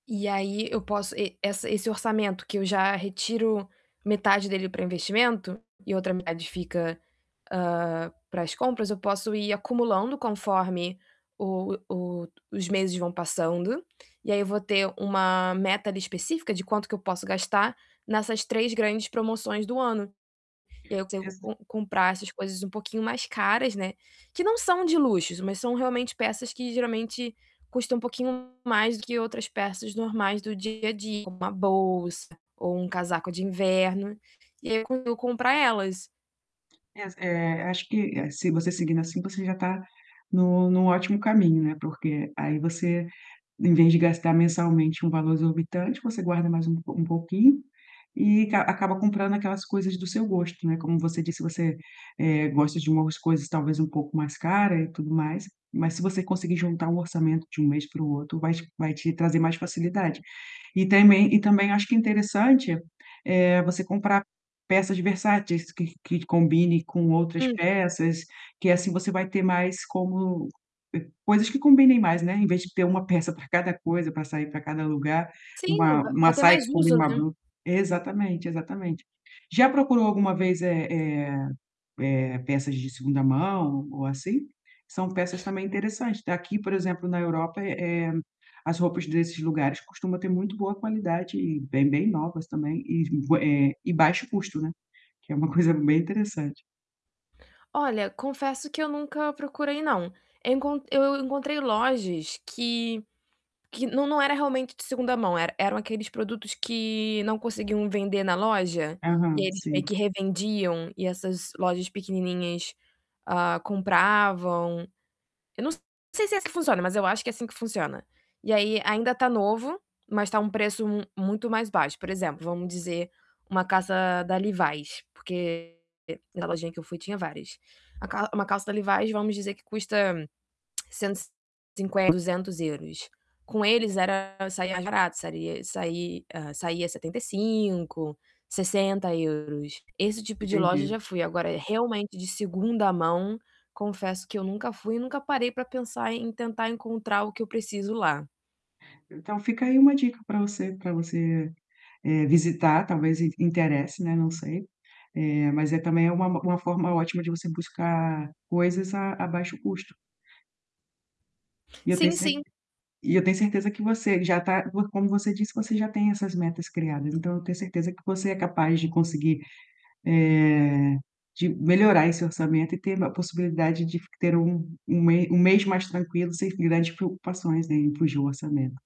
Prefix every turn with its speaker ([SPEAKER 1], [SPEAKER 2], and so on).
[SPEAKER 1] E aí eu posso e essa, esse orçamento que eu já retiro metade dele para investimento e outra metade fica, hã, para as compras, eu posso ir acumulando conforme o o os meses vão passando, e aí eu vou ter uma meta ali específica de quanto que eu posso gastar nessas 3 grandes promoções do ano. E aí eu tento
[SPEAKER 2] Exa
[SPEAKER 1] com comprar essas coisas um pouquinho mais caras, né, que não são de luxos, mas são realmente peças que geralmente custam um pouquinho mais do que outras peças normais do dia a dia, como uma bolsa ou um casaco de inverno, e aí eu co eu comprar elas.
[SPEAKER 2] Es eh, acho que, eh, se você seguindo assim você já está no no ótimo caminho, né, porque aí você, em vez de gastar mensalmente um valor exorbitante, você guarda mais um pou um pouquinho e ca acaba comprando aquelas coisas do seu gosto, né. Como você disse, você gosta de umas coisas talvez um pouco mais cara e tudo mais, mas se você conseguir juntar um orçamento de um mês para o outro, vai te vai te trazer mais facilidade. E tamém e também eu acho que é interessante, eh, você comprar peças de versáteis que que combinem com outras
[SPEAKER 1] [unintelligible]
[SPEAKER 2] peças, que assim você vai ter mais como, eh, coisas que combinem mais, né, em vez de ter uma peça para cada coisa, para sair para cada lugar,
[SPEAKER 1] Sim, não
[SPEAKER 2] uma
[SPEAKER 1] va
[SPEAKER 2] uma
[SPEAKER 1] vai ter
[SPEAKER 2] saia
[SPEAKER 1] mais
[SPEAKER 2] que
[SPEAKER 1] uso,
[SPEAKER 2] combina uma
[SPEAKER 1] né.
[SPEAKER 2] blu exatamente, exatamente. Já procurou alguma vez, eh, eh, eh, peças de 2º mão ou assim? São peças também interessantes. Aqui, por exemplo, na Europa, eh, eh, as roupas desses lugares costumam ter muito boa qualidade e bem bem novas também e j eh, e baixo custo, né, que é uma coisa bem interessante.
[SPEAKER 1] Olha, confesso que eu nunca procurei não, eu encon eu encontrei lojas que que não não era realmente de 2º mão, era eram aqueles produtos que não conseguiam vender na loja, e aí
[SPEAKER 2] Aham,
[SPEAKER 1] eles meio
[SPEAKER 2] sim.
[SPEAKER 1] que revendiam e essas lojas pequenininhas, ah, compravam. Eu não sei se é assim que funciona, mas eu acho que é assim que funciona. E aí ainda tá novo, mas está um preço mu muito mais baixo, por exemplo, vamos dizer, uma calça da Levi's, porque, na lojinha que eu fui tinha várias. A cal uma calça da Levi's, vamos dizer que custa 150€, 200€, com eles era, saía mais barato, saria sai hã, saia 75€, 60€. Esse tipo de loja eu
[SPEAKER 2] Entendi.
[SPEAKER 1] já fui, agora, realmente de 2º mão, confesso que eu nunca fui e nunca parei para pensar em tentar encontrar o que eu preciso lá.
[SPEAKER 2] Então fica aí uma dica para você, para você, eh, visitar, talvez interesse, né, não sei, eh, mas é também, é uma-uma forma ótima de você buscar coisas a a baixo custo. E eu tenho
[SPEAKER 1] Sim,
[SPEAKER 2] cert
[SPEAKER 1] sim.
[SPEAKER 2] e eu tenho certeza que você já está, por como você disse, você já tem essas metas criadas, então eu tenho certeza que você é capaz de conseguir, eh de melhorar esse orçamento e ter a possibilidade de f ter um um m um mês mais tranquilo, sem grandes preocupações em fugir o orçamento.